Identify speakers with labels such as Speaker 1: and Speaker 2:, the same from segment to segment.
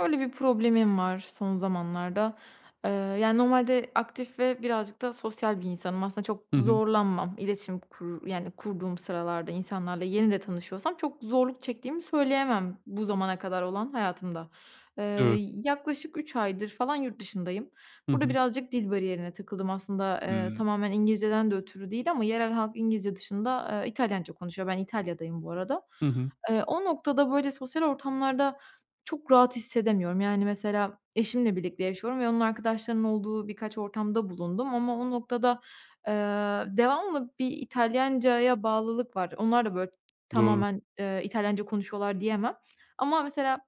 Speaker 1: Böyle bir problemim var son zamanlarda. Eee, yani, normalde aktif ve birazcık da sosyal bir insanım. Aslında çok
Speaker 2: Hı hı.
Speaker 1: zorlanmam, iletişim kur yani, kurduğum sıralarda insanlarla yeni de tanışıyorsam çok zorluk çektiğimi söyleyemem bu zamana kadar olan hayatımda. Eee,
Speaker 2: Evet.
Speaker 1: yaklaşık 3 aydır falan yurt dışındayım.
Speaker 2: Hı
Speaker 1: Burada
Speaker 2: hı.
Speaker 1: birazcık dil bariyerine takıldım. Aslında, eee,
Speaker 2: Hımm.
Speaker 1: tamamen İngilizce'den de ötürü değil ama yerel halk İngilizce dışında, eee, İtalyanca konuşuyor, ben İtalya'dayım bu arada.
Speaker 2: Hı hı.
Speaker 1: Eee, o noktada, böyle, sosyal ortamlarda çok rahat hissedemiyorum, yani, mesela eşimle birlikte yaşıyorum ve onun arkadaşlarının olduğu birkaç ortamda bulundum ama o noktada, eee, devamlı bir İtalyancaya bağlılık var. Onlar da, böyle,
Speaker 2: Doğru.
Speaker 1: tamamen, eee, İtalyanca konuşuyorlar diyemem ama mesela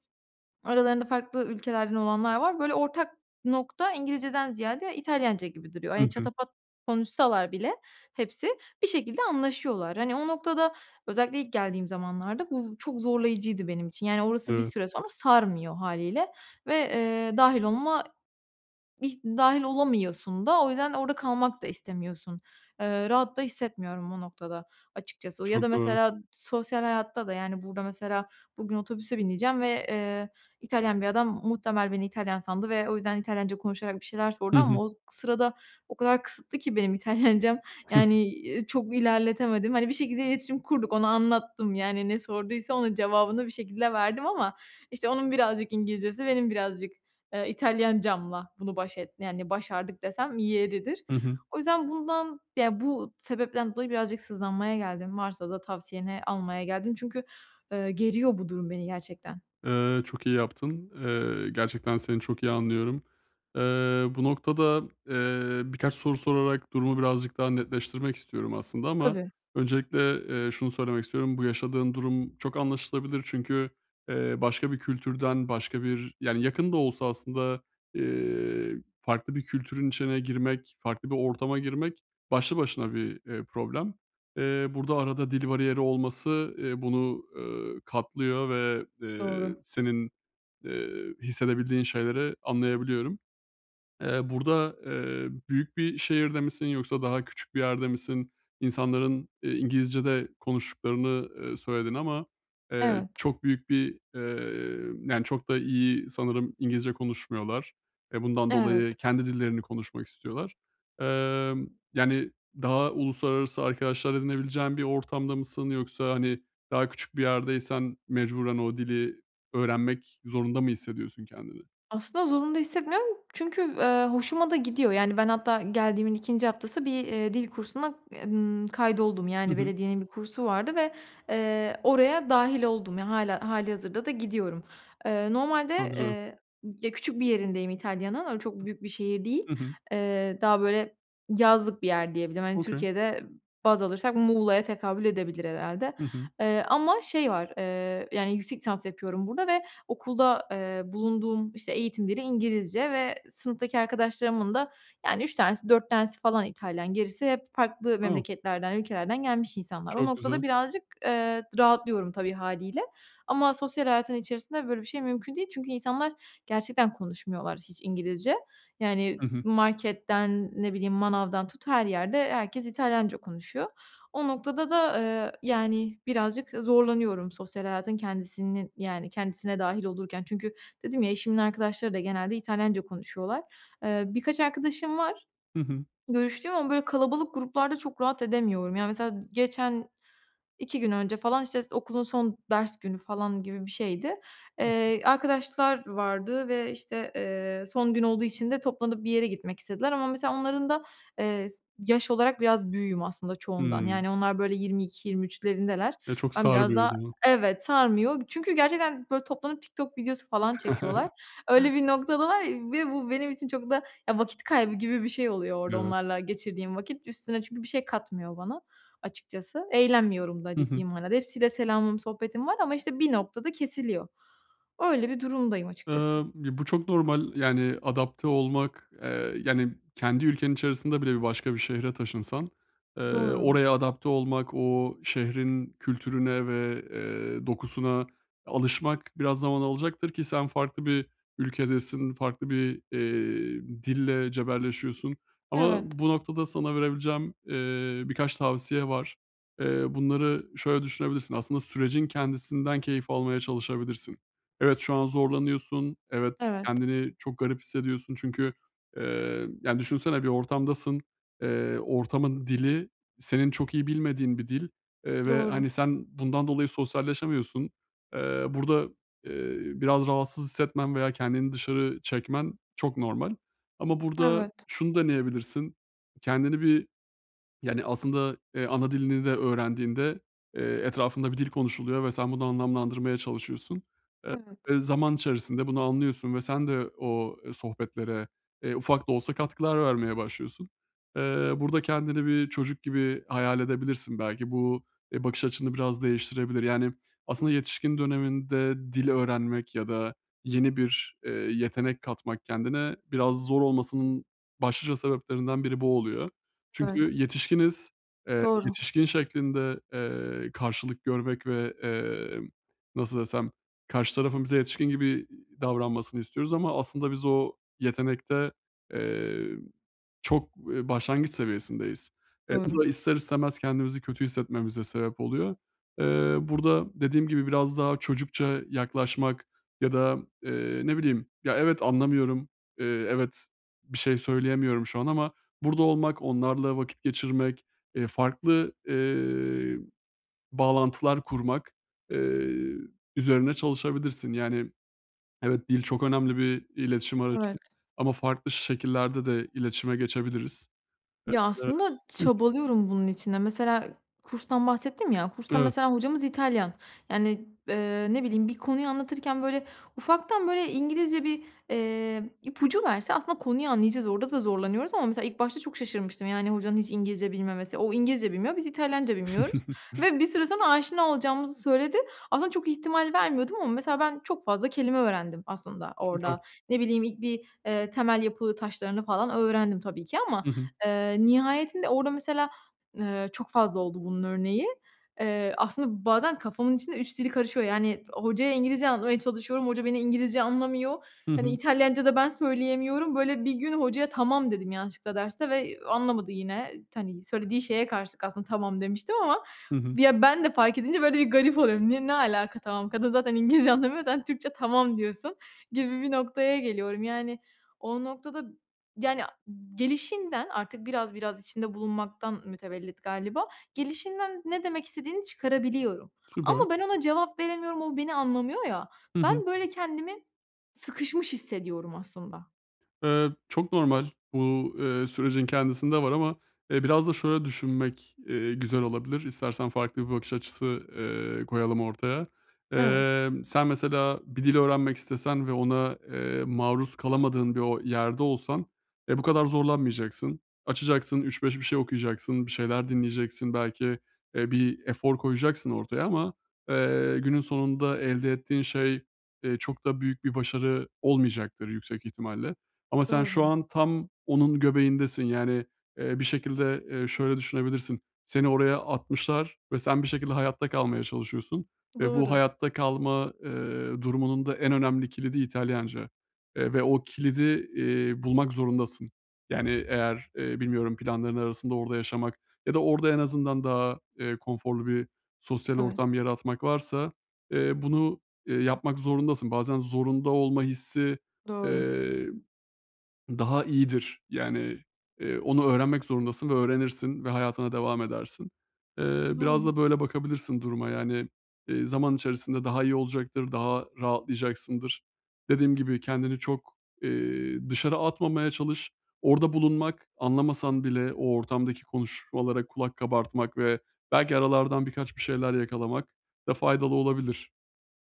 Speaker 1: aralarında farklı ülkelerden olanlar var. Böyle, ortak nokta İngilizceden ziyade İtalyanca gibi duruyor.
Speaker 2: Hı
Speaker 1: Hani,
Speaker 2: hı.
Speaker 1: çatapat konuşsalar bile hepsi, bir şekilde anlaşıyorlar. Hani, o noktada özellikle ilk geldiğim zamanlarda, bu çok zorlayıcıydı benim için, yani, orası bir
Speaker 2: Evet.
Speaker 1: süre sonra sarmıyor hâliyle ve, eee, dâhil olma, hiç dâhil olamıyorsun da. O yüzden, orada kalmak da istemiyorsun. Eee, rahat da hissetmiyorum o noktada açıkçası ya da
Speaker 2: Çok doğru.
Speaker 1: mesela sosyal hayatta da, yani, burada mesela bugün otobüse bineceğim ve, eee, İtalyan bir adam muhtemel beni İtalyan sandı ve o yüzden, İtalyanca konuşarak bir şeyler
Speaker 2: Hı
Speaker 1: sordu
Speaker 2: hı.
Speaker 1: ama o sırada, o kadar kısıtlı ki benim İtalyancam, yani, ııı, çok ilerletemedim. Hani, bir şekilde iletişim kurduk, ona anlattım, yani, ne sorduysa onun cevabını bir şekilde verdim ama, işte, onun birazcık İngilizcesi benim birazcık, eee, İtalyancamla bunu baş et yani, başardık desem yeridir.
Speaker 2: Hı hı.
Speaker 1: O yüzden bundan, ya bu sebepten dolayı birazcık sızlanmaya geldim, varsa da tavsiyeni almaya geldim çünkü, eee, geriyor bu durum beni gerçekten.
Speaker 2: Eee, çok iyi yaptın. Eee, gerçekten seni çok iyi anlıyorum. Eee, bu noktada, eee, birkaç soru sorarak, durumu birazcık daha netleştirmek istiyorum aslında ama
Speaker 1: Tabii.
Speaker 2: öncelikle, eee, şunu söylemek istiyorum. Bu yaşadığın durum çok anlaşılabilir. Çünkü, eee, başka bir kültürden başka bir, yani, yakın da olsa aslında, eee, farklı bir kültürün içine girmek, farklı bir ortama girmek, başlı başına bir, eee, problem. Eee, burada arada dil bariyeri olması, eee, bunu, eee, katlıyor ve, eee,
Speaker 1: Doğru.
Speaker 2: senin, eee, hissedebildiğin şeyleri anlayabiliyorum. Eee, burada, eee, büyük bir şehirde misin yoksa daha küçük bir yerde misin? İnsanların, eee, İngilizce de konuştuklarını, eee, söyledin ama, eee,
Speaker 1: Evet.
Speaker 2: çok büyük bir, eee, yani, çok da iyi sanırım İngilizce konuşmuyorlar. E, bundan
Speaker 1: Evet.
Speaker 2: dolayı kendi dillerini konuşmak istiyorlar. Emm, yani, daha uluslararası arkadaşlar edinebileceğin bir ortamda mısın yoksa, hani, daha küçük bir yerdeysen mecburen o dili öğrenmek zorunda mı hissediyorsun kendini?
Speaker 1: Aslında zorunda hissetmiyorum çünkü, eee, hoşuma da gidiyor, yani, ben hatta geldiğimin 2 haftası bir, eee, dil kursuna, y ımm, kaydoldum,
Speaker 2: Hı
Speaker 1: yani,
Speaker 2: hı.
Speaker 1: belediyenin bir kursu vardı ve, eee, oraya dâhil oldum, yani, hâlâ hâlihazırda gidiyorum. Eee, normalde,
Speaker 2: Çok güzel.
Speaker 1: eee, ya küçük bir yerindeyim İtalya'nın, öyle çok büyük bir şehir değil.
Speaker 2: Hı hı.
Speaker 1: Eee, daha böyle, yazlık bir yer diyebilirim, hani,
Speaker 2: Okay.
Speaker 1: Türkiye'de baz alırsak Muğla'ya tekabül edebilir herhâlde,
Speaker 2: Hı hı.
Speaker 1: eee, ama şey var, eee, yani, yüksek lisans yapıyorum burada ve okulda, eee, bulunduğum, işte, eğitim dili İngilizce ve sınıftaki arkadaşlarımın da, yani, 3 tanesi 4 tanesi falan İtalyan, gerisi hep farklı
Speaker 2: O
Speaker 1: memleketlerden, ülkelerden gelmiş insanlar. O
Speaker 2: Çok
Speaker 1: noktada
Speaker 2: güzel.
Speaker 1: birazcık, eee, d rahatlıyorum tabii hâliyle ama sosyal hayatın içerisinde, böyle, bir şey mümkün değil, çünkü insanlar gerçekten konuşmuyorlar hiç İngilizce, yani,
Speaker 2: Hı hı.
Speaker 1: marketten, ne bileyim manavdan tut, her yerde herkes İtalyanca konuşuyor. O noktada da, eee, yani, birazcık, zorlanıyorum sosyal hayatın kendisinin, yani, kendisine dâhil olurken çünkü dedim ya eşimin arkadaşları da genelde İtalyanca konuşuyorlar. Eee, birkaç arkadaşım var
Speaker 2: Hı hı.
Speaker 1: görüştüğüm ama, böyle, kalabalık gruplarda çok rahat edemiyorum. Ya, mesela geçen 2 gün önce falan, işte, s okulun son ders günü falan gibi bir şeydi. Eee, arkadaşlar vardı ve, işte, eee, son gün olduğu için de toplanıp bir yere gitmek istediler ama mesela onların da, eee, s yaş olarak biraz büyüğüm aslında çoğundan,
Speaker 2: Hımm.
Speaker 1: yani, onlar, böyle, 22-23'lerindeler.
Speaker 2: E, çok
Speaker 1: Ben biraz
Speaker 2: sarmıyor o
Speaker 1: daha,
Speaker 2: zaman.
Speaker 1: evet, sarmıyor çünkü gerçekten, böyle, toplanıp TikTok videosu falan çekiyorlar. Öyle bir noktadalar ve bu benim için çok da ya vakit kaybı gibi bir şey oluyor orada
Speaker 2: Evet.
Speaker 1: onlarla geçirdiğim vakit. Üstüne çünkü bir şey katmıyor bana açıkçası. Eğlenmiyorum da
Speaker 2: Hı
Speaker 1: ciddi
Speaker 2: hı.
Speaker 1: manada. Hepsiyle selamım, sohbetim var ama, işte, bir noktada kesiliyor. Öyle bir durumdayım açıkçası.
Speaker 2: Imm, ya bu çok normal. Yani, adapte olmak, eee, yani, kendi ülkenin içerisinde bile bir başka bir şehre taşınsan, eee,
Speaker 1: Doğru.
Speaker 2: oraya adapte olmak, o şehrin kültürüne ve, eee, dokusuna alışmak, biraz zaman alacaktır ki sen farklı bir ülkedesin, farklı bir, eee, dille cebelleşiyorsun ama
Speaker 1: Evet.
Speaker 2: bu noktada sana verebileceğim, eee, birkaç tavsiye var. Eee, bunları şöyle düşünebilirsin, aslında sürecin kendisinden keyif almaya çalışabilirsin. Evet, şu an zorlanıyorsun. Evet,
Speaker 1: Evet.
Speaker 2: kendini çok garip hissediyorsun. Çünkü, eee, ya, düşünsene bir ortamdasın. Eee, ortamın dili senin çok iyi bilmediğin bir dil, eee, ve
Speaker 1: Doğru.
Speaker 2: hani, sen bundan dolayı sosyalleşemiyorsun. Eee, burada, eee, biraz rahatsız hissetmen veya kendini dışarı çekmen çok normal ama burada
Speaker 1: Evet.
Speaker 2: şunu deneyebilirsin. Kendini bir, yani, aslında, eee, ana dilini de öğrendiğinde, eee, etrafında bir dil konuşuluyor ve sen bunu anlamlandırmaya çalışıyorsun.
Speaker 1: Evet.
Speaker 2: Eee, zaman içerisinde bunu anlıyorsun ve sen de o, eee, sohbetlere, eee, ufak da olsa katkılar vermeye başlıyorsun. Eee, burada kendini bir çocuk gibi hayal edebilirsin belki. Bu, eee, bakış açını biraz değiştirebilir. Yani, aslında yetişkin döneminde dil öğrenmek ya da yeni bir, eee, yetenek katmak kendine biraz zor olmasının başlıca sebeplerinden biri bu oluyor. Çünkü
Speaker 1: Evet.
Speaker 2: yetişkiniz. Eee,
Speaker 1: Doğru.
Speaker 2: yetişkin şeklinde, eee, karşılık görmek ve, emm, nasıl desem karşı tarafın bize yetişkin gibi, iii, davranmasını istiyoruz ama aslında biz o yetenekte, eee, çok, eee, başlangıç seviyesindeyiz. E, bu
Speaker 1: Doğru.
Speaker 2: da ister istemez kendimizi kötü hissetmemize sebep oluyor. Eee, burada dediğim gibi biraz daha çocukça yaklaşmak ya da, eee, ne bileyim, ya, evet, anlamıyorum. Eee, evet, bir şey söyleyemiyorum şu an ama burada olmak, onlarla vakit geçirmek, eee, farklı, eee, bağlantılar kurmak, eee, üzerine çalışabilirsin. Yani, evet, dil çok önemli bir iletişim aracı
Speaker 1: Evet.
Speaker 2: ama farklı şekillerde de iletişime geçebiliriz
Speaker 1: Ya, aslında
Speaker 2: [unintelligible]
Speaker 1: çabalıyorum bunun için de. Mesela kurstan bahsettim ya, kursta
Speaker 2: [unintelligible]
Speaker 1: mesela hocamız İtalyan, yani, ııı, ne bileyim bir konuyu anlatırken, böyle, ufaktan, böyle, İngilizce bir, eee, ipucu verse aslında konuyu anlayacağız, orada da zorlanıyoruz ama mesela ilk başta çok şaşırmıştım, yani, hocanın hiç İngilizce bilmemesi, o İngilizce bilmiyor, biz İtalyanca bilmiyoruz ve bir süre sonra aşina olacağımızı söyledi. Aslında çok ihtimal vermiyordum ama mesela ben çok fazla kelime öğrendim aslında
Speaker 2: Süper.
Speaker 1: orada. Ne bileyim ilk bir, eee, temel yapı taşlarını falan öğrendim tabii ki ama,
Speaker 2: Hı hı.
Speaker 1: eee, nihayetinde orada mesela, eee, çok fazla oldu bunun örneği. Eee, aslında bazen kafamın içinde 3 dili karışıyor, yani, hocaya İngilizce anlatmaya çalışıyorum, hoca beni İngilizce anlamıyor,
Speaker 2: Hı
Speaker 1: hani,
Speaker 2: hı.
Speaker 1: İtalyanca da ben söyleyemiyorum, böyle, bir gün hocaya "Tamam." dedim yanlışlıkla derste ve, eee, anlamadı yine, t hani, söylediği şeye karşılık aslında tamam demiştim ama
Speaker 2: Hı hı.
Speaker 1: ya ben de fark edince, böyle, bir garip oluyorum. Ne ne alaka tamam kadın zaten İngilizce anlamıyor, sen Türkçe tamam diyorsun gibi bir noktaya geliyorum, yani, o noktada, yani, gelişinden artık biraz biraz içinde bulunmaktan mütevellit galiba gelişinden ne demek istediğini çıkarabiliyorum
Speaker 2: Süper.
Speaker 1: ama ben ona cevap veremiyorum, o beni anlamıyor ya,
Speaker 2: Hı hı.
Speaker 1: ben, böyle, kendimi sıkışmış hissediyorum aslında.
Speaker 2: Iıı, çok normal. Bu, ııı, sürecin kendisinde var ama, eee, biraz da şöyle düşünmek, ııı, güzel olabilir. İstersen farklı bir bakış açısı, ııı, koyalım ortaya.
Speaker 1: Evet.
Speaker 2: Emm, sen mesela bir dil öğrenmek istesen ve ona, eee, maruz kalamadığın bir o yerde olsan, e, bu kadar zorlanmayacaksın. Açacaksın, 3-5 bir şey okuyacaksın, bir şeyler dinleyeceksin. Belki, eee, bir efor koyacaksın ortaya ama, eee, günün sonunda elde ettiğin şey, eee, çok da büyük bir başarı olmayacaktır yüksek ihtimalle. Ama sen şu
Speaker 1: Doğru.
Speaker 2: an tam onun göbeğindesin. Yani, eee, bir şekilde, eee, şöyle düşünebilirsin: Seni oraya atmışlar ve sen bir şekilde hayatta kalmaya çalışıyorsun ve bu
Speaker 1: Doğru.
Speaker 2: hayatta kalma, eee, durumunun da en önemli kilidi İtalyanca. Eee, ve o kilidi, iii, bulmak zorundasın. Yani, eğer, eee, bilmiyorum planların arasında orada yaşamak ya da orada en azından daha, eee, konforlu bir sosyal
Speaker 1: Evet.
Speaker 2: ortam yaratmak varsa, eee, bunu, eee, yapmak zorundasın. Bazen zorunda olma hissi,
Speaker 1: Doğru.
Speaker 2: eee, daha iyidir. Yani, eee, onu öğrenmek zorundasın ve öğrenirsin ve hayatına devam edersin. Eee, biraz
Speaker 1: Doğru.
Speaker 2: da böyle bakabilirsin duruma. Yani, eee, zaman içerisinde daha iyi olacaktır. Daha rahatlayacaksındır. Dediğim gibi kendini çok, eee, dışarı atmamaya çalış. Orada
Speaker 1: [unintelligible]
Speaker 2: bulunmak, anlamasan bile o ortamdaki konuşmalara kulak kabartmak ve belki aralardan birkaç bir şeyler yakalamak da faydalı olabilir.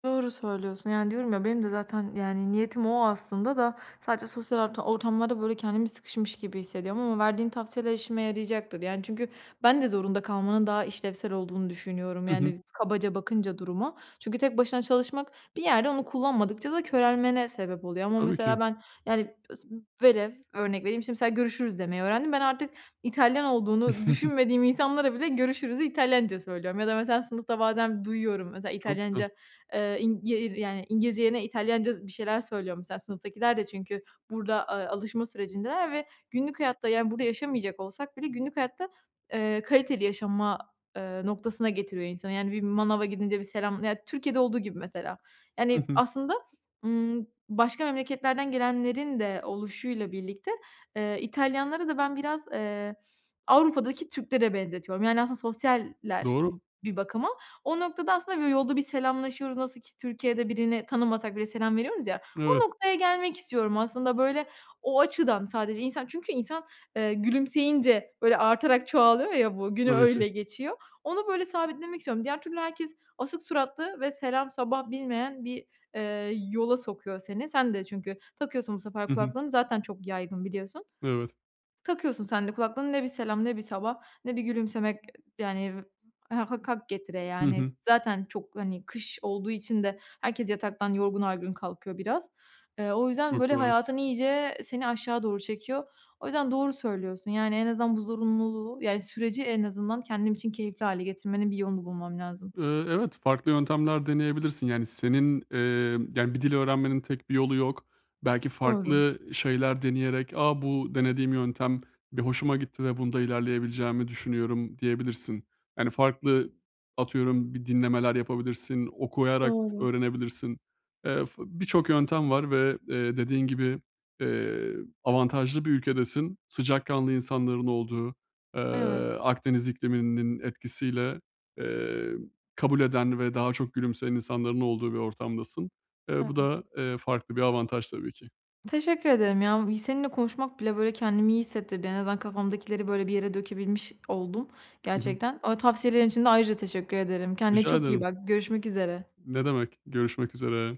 Speaker 1: Doğru söylüyorsun. Yani, diyorum ya, benim de zaten, yani, niyetim o aslında da, sadece sosyal orta ortamlarda böyle kendimi sıkışmış gibi hissediyorum ama verdiğin tavsiyeler işime yarayacaktır. Yani, çünkü ben de zorunda kalmanın daha işlevsel olduğunu düşünüyorum,
Speaker 2: Hı hı.
Speaker 1: yani, kabaca bakınca duruma. Çünkü tek başına çalışmak, bir yerde onu kullanmadıkça da körelmene sebep oluyor ama,
Speaker 2: Tabii
Speaker 1: mesela,
Speaker 2: ki.
Speaker 1: ben yani, s velev, örnek vereyim, şimdi, mesela, görüşürüz demeyi öğrendim. Ben artık, İtalyan olduğunu düşünmediğim insanlara bile, görüşürüzü İtalyanca söylüyorum. Ya da mesela, sınıfta bazen duyuyorum, mesela,
Speaker 2: Çok güzel.
Speaker 1: İtalyanca, eee, ing ye ir, yani, İngilizce yerine İtalyanca z bir şeyler söylüyor mesela, sınıftakiler de, çünkü burada, eee, alışma sürecindeler ve günlük hayatta, yani burada yaşamayacak olsak bile, günlük hayatta, eee, kaliteli yaşama, eee, noktasına getiriyor insanı. Yani bir manava gidince, bir selam ya Türkiye'de olduğu gibi mesela.
Speaker 2: Hı
Speaker 1: Yani,
Speaker 2: hı.
Speaker 1: aslında, ımm, başka memleketlerden gelenlerin de oluşuyla birlikte, eee, İtalyanları da ben biraz, eee, Avrupa'daki Türklere benzetiyorum, yani, aslında sosyaller
Speaker 2: Doğru.
Speaker 1: bir bakıma. O noktada, aslında, böyle, yolda bir selamlaşıyoruz, nasıl ki Türkiye'de birini tanımasak bile, selam veriyoruz ya.
Speaker 2: Evet.
Speaker 1: O noktaya gelmek istiyorum aslında, böyle, o açıdan, sadece insan, çünkü insan, eee, gülümseyince, böyle, artarak çoğalıyor ya bu, günü
Speaker 2: Tabii ki.
Speaker 1: öyle geçiyor. Onu, böyle, sabitlemek istiyorum. Diğer türlü herkes, asık suratlı ve selam sabah bilmeyen bir, eee, yola sokuyor seni. Sen de çünkü, takıyorsun bu sefer
Speaker 2: Hı hı.
Speaker 1: kulaklığını, zaten çok yaygın biliyorsun.
Speaker 2: Evet.
Speaker 1: Takıyorsun sen de kulaklığını, ne bir selam, ne bir sabah, ne bir gülümsemek, yani, ha hak getire
Speaker 2: Hı
Speaker 1: yani,
Speaker 2: hı.
Speaker 1: zaten çok, hani, kış olduğu için de herkes yataktan yorgun argın kalkıyor biraz. Eee, o yüzden,
Speaker 2: Çok
Speaker 1: böyle,
Speaker 2: doğru.
Speaker 1: hayatın, iyice seni aşağı doğru çekiyor. O yüzden doğru söylüyorsun, yani en azından bu zorunluluğu yani süreci en azından, kendim için keyifli hâle getirmenin bir yolunu bulmam lazım.
Speaker 2: Eee, evet, farklı yöntemler deneyebilirsin. Yani, senin, eee, yani, bir dil öğrenmenin tek bir yolu yok. Belki
Speaker 1: Doğru.
Speaker 2: farklı şeyler deneyerek, "A, bu denediğim yöntem bir hoşuma gitti ve bunda ilerleyebileceğimi düşünüyorum." diyebilirsin. Yani, farklı, atıyorum bir dinlemeler yapabilirsin. Okuyarak
Speaker 1: Doğru.
Speaker 2: öğrenebilirsin. Eee, f birçok yöntem var ve, eee, dediğin gibi, eee, avantajlı bir ülkedesin. Sıcakkanlı insanların olduğu, eee,
Speaker 1: Evet.
Speaker 2: Akdeniz ikliminin etkisiyle, eee, kabul eden ve daha çok gülümseyen insanların olduğu bir ortamdasın. Eee, bu
Speaker 1: Evet.
Speaker 2: da, eee, farklı bir avantaj tabii ki.
Speaker 1: Teşekkür ederim ya. Bu bi seninle konuşmak bile, böyle, kendimi iyi hissettirdi. En azından kafamdakileri, böyle, bir yere dökebilmiş oldum
Speaker 2: Hı hı.
Speaker 1: gerçekten. Eee, tavsiyelerin için de ayrıca teşekkür ederim. Kendine
Speaker 2: Rica
Speaker 1: çok iyi
Speaker 2: ederim.
Speaker 1: bak, görüşmek üzere.
Speaker 2: Ne demek? Görüşmek üzere.